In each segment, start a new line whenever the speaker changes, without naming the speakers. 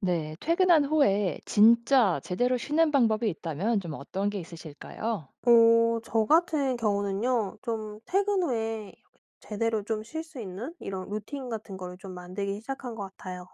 네. 퇴근한 후에 진짜 제대로 쉬는 방법이 있다면 좀 어떤 게 있으실까요?
어 저 같은 경우는요. 좀 퇴근 후에 제대로 좀 쉴 수 있는 이런 루틴 같은 거를 좀 만들기 시작한 것 같아요.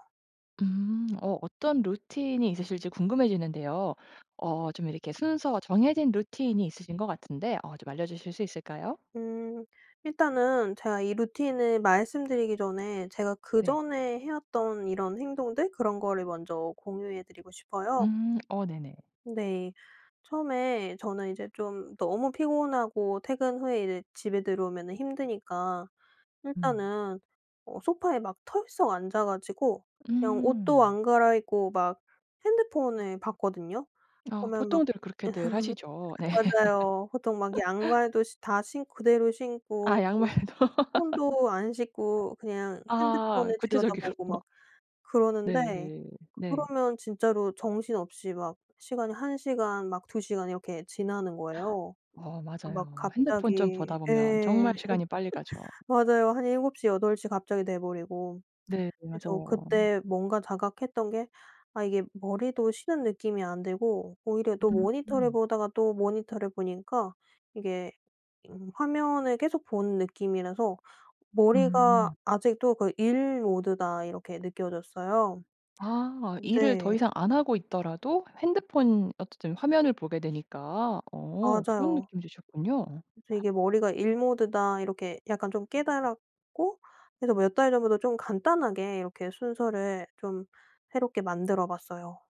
음. 어 어떤 루틴이 있으실지 궁금해지는데요. 어 좀 이렇게 순서 정해진 루틴이 있으신 것 같은데 어 좀 알려주실 수 있을까요?
음. 일단은 제가 이 루틴을 말씀드리기 전에 제가
네.
그전에 해왔던 이런 행동들 그런 거를 먼저 공유해 드리고 싶어요.
음. 어 네네.
네. 처음에 저는 이제 좀 너무 피곤하고 퇴근 후에 이제 집에 들어오면은 힘드니까
음.
일단은 어 소파에 막 털썩 앉아 가지고 그냥 옷도
음.
안 갈아입고 막 핸드폰을 봤거든요.
어
보면 막
보통들 그렇게들 하시죠. 네.
맞아요. 보통 막 양말도 시 다 신 그대로
아
신고 그리고
양말도.
손도 안 씻고 그냥
아
핸드폰을 들여다보고
구체적이군요.
막 그러는데
네. 네.
그러면 진짜로 정신없이 막 시간이 한 시간 막 두 시간 이렇게 지나는 거예요.
어
막
맞아요. 핸드폰 좀
갑자기
보다 보면 정말
예.
시간이 빨리 가죠.
맞아요. 한 7:00, 8:00 갑자기 돼 버리고.
네.
그래서
맞아요.
그때 뭔가 자각했던 게 아 이게 머리도 쉬는 느낌이 안 들고 오히려 또 모니터를
음.
보다가 또 모니터를 보니까 이게 음 화면을 계속 보는 느낌이라서 '머리가
음.
아직도 그 일 모드다.' 이렇게 느껴졌어요.
아 일을 더
근데
이상 안 하고 있더라도 핸드폰 어쨌든 화면을 보게 되니까 어 그런
맞아요.
느낌이 드셨군요.
그래서 이게 '머리가 일 모드다.' 이렇게 약간 좀 깨달았고 그래서 몇 달 전부터 좀 간단하게 이렇게 순서를 좀 새롭게 만들어 봤어요.